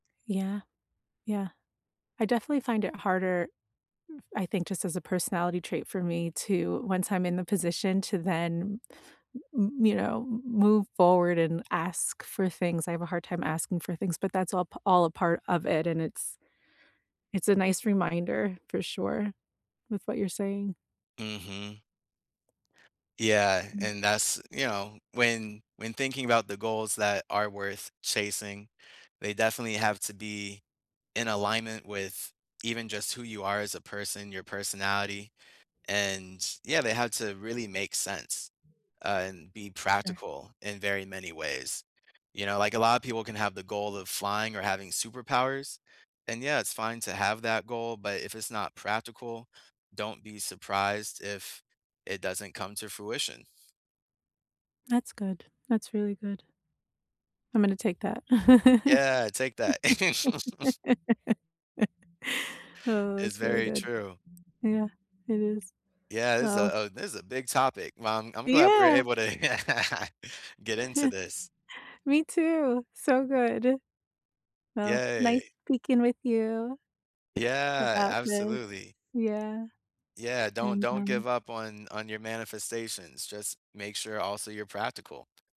Yeah. Yeah. I definitely find it harder f I think, just as a personality trait for me to once I'm in the position to then m m m you know, m move forward and ask for things I have a hard time asking for things, but that's all p all a part of it, and it's it's a nice reminder, for sure, with what you're saying. Mhm. Yeah, Mm. and that's, you know, when when thinking about the goals that are worth chasing, they definitely have to be in alignment with even just who you are as a person, your personality, and, yeah, they have to really make sense, uh, and be Sure. practical in very many ways. You know, like, a lot of people can have the goal of flying or having superpowers, and, yeah, it's fine to have that goal, but if it's not practical, don't be surprised if it doesn't come to fruition. That's good. That's really good. I'm gonna take that. Yeah. Take that. Oh, It's that's really very good. true. Yeah, it is. Yeah. It's Oh a Oh, this a big topic. Well, I'm I'm glad we're Yeah. able to get into this. Me too. So good. Well, nice Yay. speaking with you Yeah, about this. absolutely. Yeah, Yeah. Don't and, don't um give up on on your manifestations. Just make sure also you're practical.